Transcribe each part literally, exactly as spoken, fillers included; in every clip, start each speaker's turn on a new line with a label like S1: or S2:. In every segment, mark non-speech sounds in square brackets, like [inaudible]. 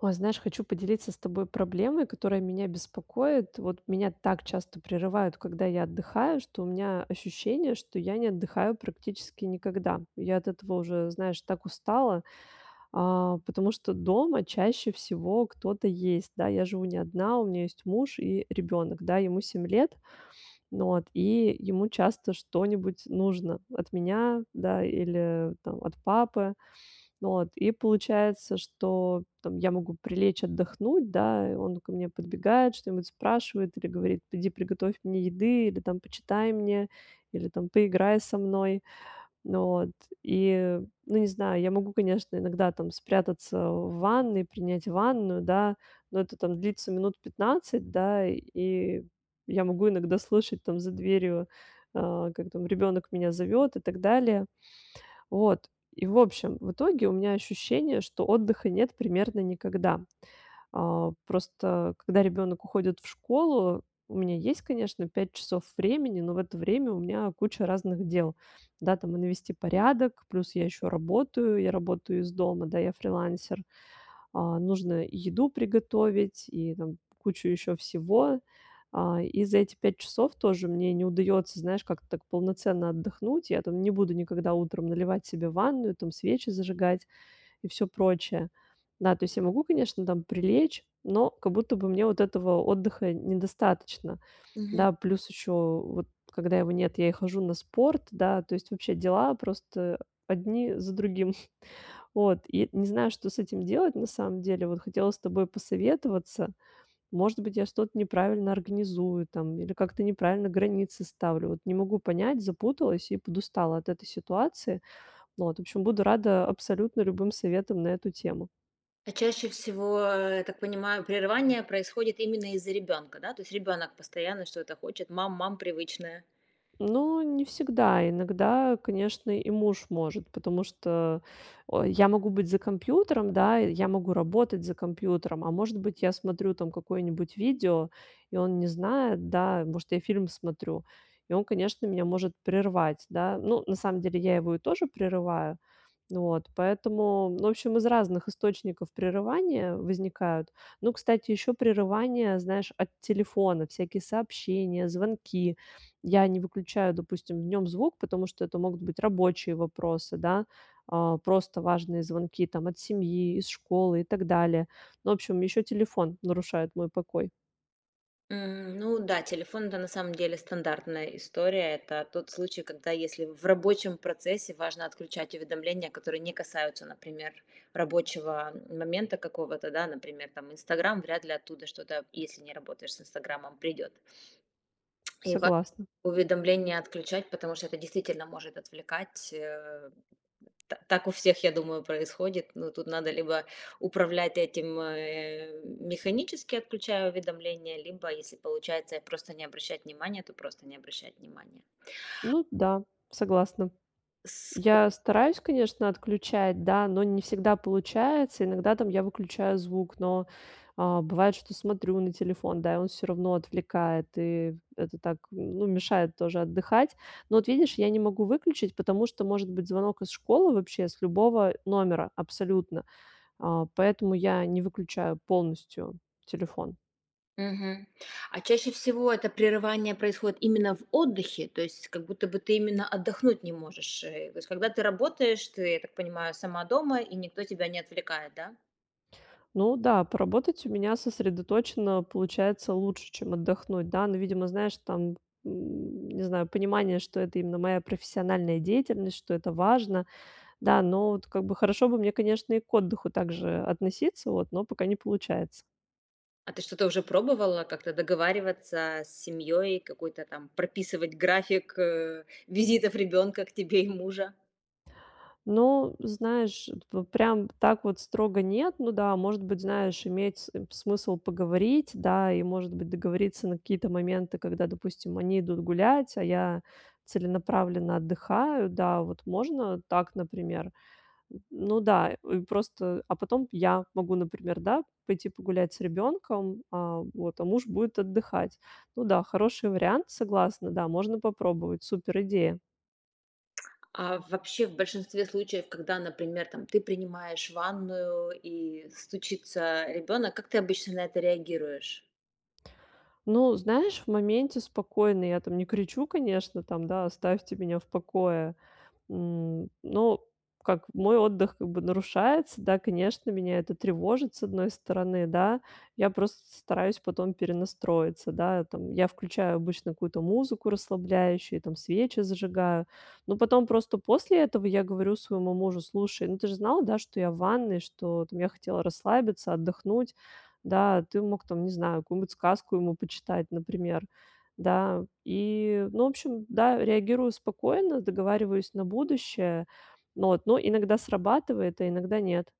S1: Ой, знаешь, хочу поделиться с тобой проблемой, которая меня беспокоит. Вот меня так часто прерывают, когда я отдыхаю, что у меня ощущение, что я не отдыхаю практически никогда. Я от этого уже, знаешь, так устала, э, потому что дома чаще всего кто-то есть, да, я живу не одна, у меня есть муж и ребёнок, да, ему семь лет. Вот. И ему часто что-нибудь нужно от меня, да, или там от папы. Вот. И получается, что там я могу прилечь отдохнуть, да, и он ко мне подбегает, что-нибудь спрашивает или говорит: "Иди приготовь мне еды!" Или там: "Почитай мне!" Или там: "Поиграй со мной!" Н вот. И ну, не знаю, я могу, конечно, иногда там спрятаться в ванной, принять ванную, да, но это там длится минут пятнадцать, да, и я могу иногда слышать там за дверью, э, как там ребёнок меня зовёт и так далее. Вот. И в общем, в итоге у меня ощущение, что отдыха нет примерно никогда. Э, просто когда ребёнок уходит в школу, у меня есть, конечно, пять часов времени, но в это время у меня куча разных дел. Да, там и навести порядок, плюс я ещё работаю, я работаю из дома, да, я фрилансер. Э, нужно и еду приготовить, и там кучу ещё всего. Э, и за эти пять часов тоже мне не удаётся, знаешь, как-то так полноценно отдохнуть. Я там не буду никогда утром наливать себе ванную, там свечи зажигать и всё прочее. Да, то есть я могу, конечно, там прилечь, но как будто бы мне вот этого отдыха недостаточно.
S2: Мгм.
S1: Да, плюс ещё вот когда его нет, я и хожу на спорт, да, то есть вообще дела просто одни за другим. [chuckles] Вот. И не знаю, что с этим делать на самом деле. Вот хотела с тобой посоветоваться. Может быть, я что-то неправильно организую там или как-то неправильно границы ставлю. Вот не могу понять, запуталась и подустала от этой ситуации. Вот. В общем, буду рада абсолютно любым советам на эту тему.
S2: А чаще всего, я так понимаю, прерывание происходит именно из-за ребёнка, да? То есть ребёнок постоянно что-то хочет: "Мам, мам". Привычное.
S1: Ну не всегда. Иногда, конечно, и муж может, потому что, о, я могу быть за компьютером, да. Я могу работать за компьютером, а, может быть, я смотрю там какое-нибудь видео, и он не знает, да, может, я фильм смотрю, и он, конечно, меня может прервать, да. Ну, на самом деле я его и тоже прерываю. Вот. Поэтому, ну, в общем, из разных источников прерывания возникают. Ну, кстати, ещё прерывания, знаешь, от телефона, всякие сообщения, звонки. Я не выключаю, допустим, в нём звук, потому что это могут быть рабочие вопросы, да, э, просто важные звонки там: от семьи, из школы и так далее. Ну, в общем, еще телефон нарушает мой покой.
S2: М. Ну да, телефон- это, на самом деле, стандартная история. Это тот случай, когда, если в рабочем процессе важно отключать уведомления, которые не касаются, например, рабочего момента какого-то, да. Например, там, Инстаграмм- вряд ли оттуда что-то, если не работаешь с Инстаграммом, придет. И ва
S1: Согласна.
S2: уведомление отключать, потому что это действительно может отвлекать, э. Та так у всех, я думаю, происходит. Ну тут надо либо управлять этим, э, механически, отключая уведомления, либо, если получается просто не обращать внимания- то просто не обращать внимания.
S1: Ну да, согласна.
S2: Ск
S1: Я стараюсь, конечно, отключать, да, но не всегда получается. Иногда там я выключаю звук, но, а, бывает, что смотрю на телефон, да, и он всё равно отвлекает, и это так, ну, мешает тоже отдыхать. Но вот видишь, я не могу выключить, потому что может быть звонок из школы вообще с любого номера абсолютно, а, поэтому я не выключаю полностью телефон.
S2: Мгм. А чаще всего это прерывание происходит именно в отдыхе? То есть как будто бы ты именно отдохнуть не можешь, э? Вот когда ты работаешь, ты, я так понимаю, сама дома, и никто тебя не отвлекает, да?
S1: Ну да, поработать у меня сосредоточено получается лучше, чем отдохнуть. Да, но, видимо, знаешь, там, н не знаю, понимание, что это именно моя профессиональная деятельность, что это важно. Да, но вот, как бы, хорошо бы мне, конечно, и к отдыху так же относиться, вот, но пока не получается.
S2: А ты что-то уже пробовала, как-то договариваться, э, с семьёй, какой-то, там, прописывать график, э, визитов ребёнка к тебе и мужа?
S1: Ну, знаешь, п прям так вот строго нет. Ну да, может быть, знаешь, иметь см смысл поговорить, да, и, может быть, договориться на какие-то моменты, когда, допустим, они идут гулять, а я целенаправленно отдыхаю, да, вот можно так, например. Н ну да, просто а потом я могу, например, да, пойти погулять с ребенком, а вот, а муж будет отдыхать. Ну да, хороший вариант, согласна, да, можно попробовать. Супер идея.
S2: А вообще, в большинстве случаев, когда, например, там, ты принимаешь ванную и стучится, э, ребёнок, как ты обычно на это реагируешь?
S1: Ну, знаешь, в моменте спокойно, я, там, не кричу, конечно, там, да, оставьте меня в покое. Н ну, как мой отдых, как бы, нарушается, да, конечно, меня это тревожит, с одной стороны, да, я просто стараюсь потом перенастроиться, да, там, я включаю обычно какую-то музыку расслабляющую, там, свечи зажигаю, но потом просто после этого я говорю своему мужу, слушай, ну, ты же знал, да, что я в ванной, что, там, я хотела расслабиться, отдохнуть. Да, ты мог, там, не знаю, какую-нибудь сказку ему почитать, например. Да, и ну, в общем, да, реагирую спокойно, договариваюсь на будущее. Но, вот, но иногда срабатывает, а иногда нет.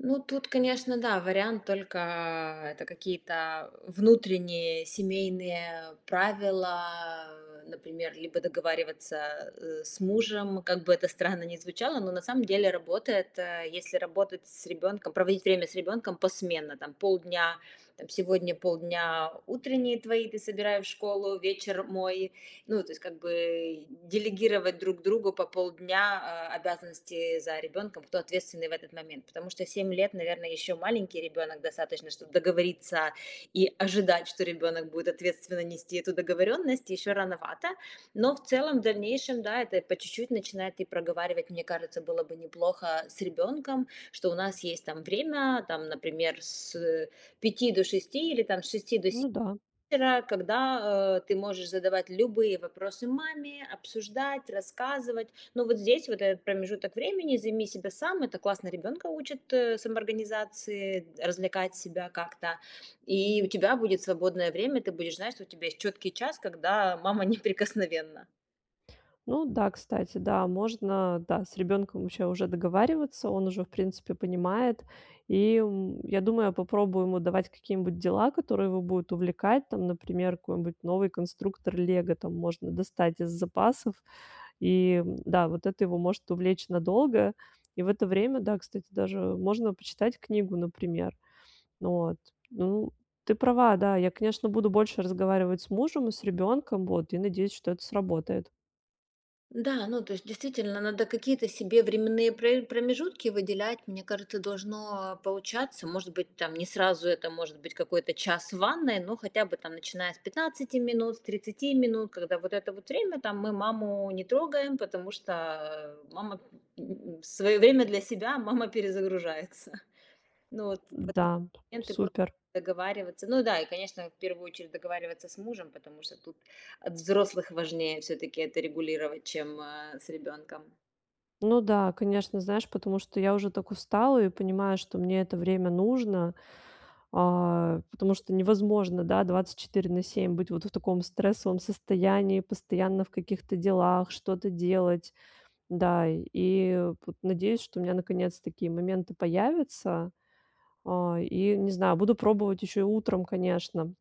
S2: Ну, тут, конечно, да, вариант только, а, это какие-то внутренние семейные правила, например, либо договариваться, э, с мужем, как бы это странно ни звучало, но, на самом деле, работает, э, если работать с ребенком, проводить время с ребенком посменно. Там, полдня там, сегодня полдня утренние твои, ты собирай в школу, вечер мой. Ну, то есть, как бы, делегировать друг другу по полдня, э, обязанности за ребенком, кто ответственный в этот момент, потому что семь лет, наверное, еще маленький ребенок, достаточно, чтобы договориться и ожидать, что ребенок будет ответственно нести эту договоренность, еще рановато, но, в целом, в дальнейшем, да, это по чуть-чуть начинает и проговаривать, мне кажется, было бы неплохо с ребенком, что у нас есть, там, время, там например, с пяти до шести, или, там, с шести до се
S1: Ну да.
S2: -ра, когда, э, ты можешь задавать любые вопросы маме, обсуждать, рассказывать, но вот здесь вот, этот промежуток времени займи себя сам, это классно ребёнка учит, э, самоорганизации, развлекать себя как-то, и у тебя будет свободное время, ты будешь знать, что у тебя есть чёткий час, когда мама неприкосновенна.
S1: Ну да, кстати, да, можно, да, с ребенком вообще уже договариваться, он уже, в принципе, понимает. И, м, я думаю, я попробую ему давать какие-нибудь дела, которые его будут увлекать. Там, например, какой-нибудь новый конструктор "Лего", там, можно достать из запасов. И, да, вот это его может увлечь надолго. И в это время, да, кстати, даже можно почитать книгу, например. Вот, ну, ты права, да, я, конечно, буду больше разговаривать с мужем и с ребенком, вот, и, надеюсь, что это сработает.
S2: Да, ну, то есть, действительно, надо какие-то себе временные пр промежутки выделять. Мне кажется, должно получаться. Может быть, там, не сразу это, может быть, какой-то час в ванной, но хотя бы, там, начиная с пятнадцати минут, с тридцати минут, когда вот это вот время, там, "мы маму не трогаем, потому что мама, м, свое время для себя, мама перезагружается". Ну, вот в такие
S1: Да,
S2: моменты просто
S1: супер.
S2: договариваться. Ну да, и, конечно, в первую очередь, договариваться с мужем, потому что тут от взрослых важнее всё-таки это регулировать, чем, э, с ребенком.
S1: Ну да, конечно. Знаешь, потому что я уже так устала и понимаю, что мне это время нужно, а, потому что невозможно, да, двадцать четыре на семь быть вот в таком стрессовом состоянии, постоянно в каких-то делах, что-то делать. Да, и вот надеюсь, что у меня наконец такие моменты появятся. А, и не знаю, буду пробовать еще и утром, конечно,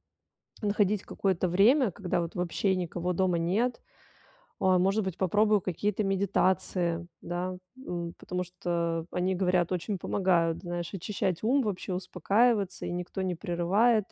S1: находить какое-то время, когда вот вообще никого дома нет. А, может быть, попробую какие-то медитации, да, м, потому что они, говорят, очень помогают, знаешь, очищать ум, вообще, успокаиваться, и никто не прерывает.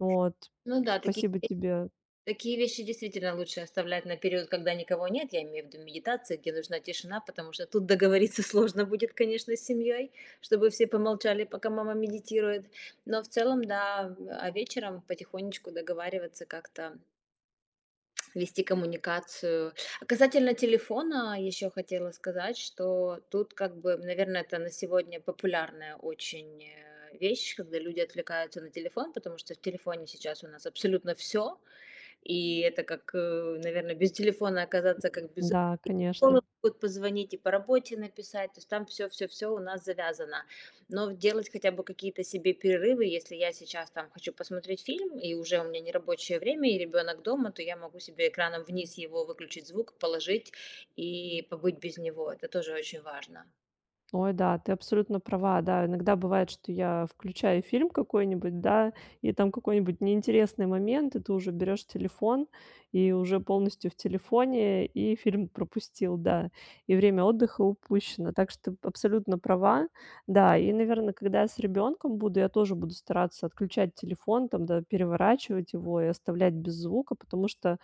S1: Вот.
S2: Ну да, такие
S1: Спасибо тебе.
S2: такие вещи, действительно, лучше оставлять на период, когда никого нет. Я имею в виду медитация, где нужна тишина, потому что тут договориться сложно будет, конечно, с семьей, чтобы все помолчали, пока мама медитирует. Но, в целом, да, а вечером потихонечку договариваться как-то [tsk] вести коммуникацию. А касательно телефона еще хотела сказать, что тут, как бы, наверно, это на сегодня популярная очень, э, вещь, когда люди отвлекаются на телефон, потому что в телефоне сейчас у нас абсолютно всё. И это как, э, наверно, без телефона оказаться, как без рук.
S1: Да,
S2: И со
S1: конечно.
S2: школы могут позвонить, и по работе написать, то есть там всё-всё-всё у нас завязано. Но делать хотя бы какие-то себе перерывы. Если я сейчас, там, хочу посмотреть фильм, и уже у меня нерабочее время и ребенок дома, то я могу себе экраном вниз его, выключить звук, положить и побыть без него. Это тоже очень важно.
S1: Ой, да, ты абсолютно права. Да, иногда бывает, что я включаю фильм какой-нибудь, да, и там какой-нибудь неинтересный момент, и ты уже берёшь телефон, и уже полностью в телефоне, и фильм пропустил, да, и время отдыха упущено. Так что ты абсолютно права. Да, и, наверно, когда я с ребёнком буду, я тоже буду стараться отключать телефон там, да, переворачивать его и оставлять без звука, потому что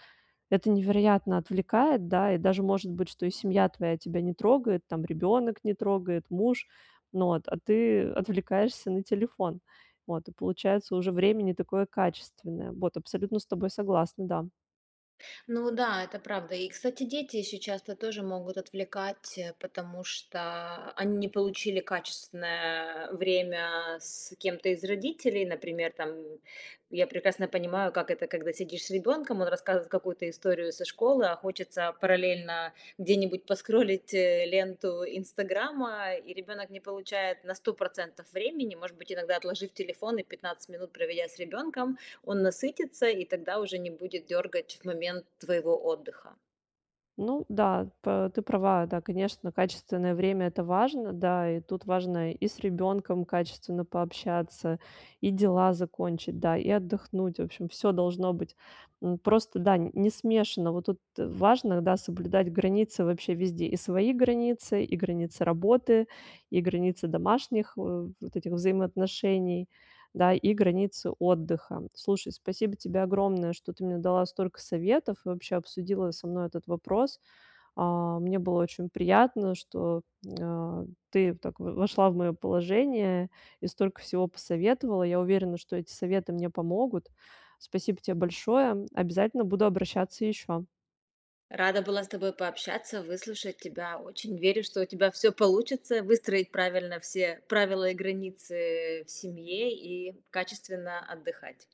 S1: это невероятно отвлекает, да. И даже может быть, что и семья твоя тебя не трогает, там ребёнок не трогает, муж, ну от а ты отвлекаешься на телефон. Вот, и получается уже время не такое качественное. Вот, абсолютно с тобой согласна, да.
S2: Ну да, это правда. И, кстати, дети ещё часто тоже могут отвлекать, э, потому что они не получили качественное время с кем-то из родителей. Например там, я прекрасно понимаю, как это, когда сидишь с ребёнком, он рассказывает какую-то историю со школы, а хочется параллельно где-нибудь поскролить ленту "Инстаграма". И ребёнок не получает на сто процентов времени. Может быть, иногда отложив телефон и пятнадцать минут проведя с ребёнком, он насытится, и тогда уже не будет дёргать в момент твоего отдыха.
S1: Ну да, п ты права. Да, конечно, качественное время- это важно. Да, и тут важно и с ребенком качественно пообщаться, и дела закончить, да, и отдохнуть. В общем, всё должно быть, м, просто, да, не смешано. Вот тут важно, да, соблюдать границы вообще везде: и свои границы, и границы работы, и границы домашних, э, вот этих вот взаимоотношений, да, и границы отдыха. Слушай, спасибо тебе огромное, что ты мне дала столько советов и вообще обсудила со мной этот вопрос. Э, мне было очень приятно, что, э, ты так в вошла в моё положение и столько всего посоветовала. Я уверена, что эти советы мне помогут. Спасибо те большое. Обязательно буду обращаться ещё.
S2: Рада была с тобой пообщаться, выслушать тебя. Очень верю, что у тебя всё получится! Выстроить правильно все правила и границы в семье и качественно отдыхать.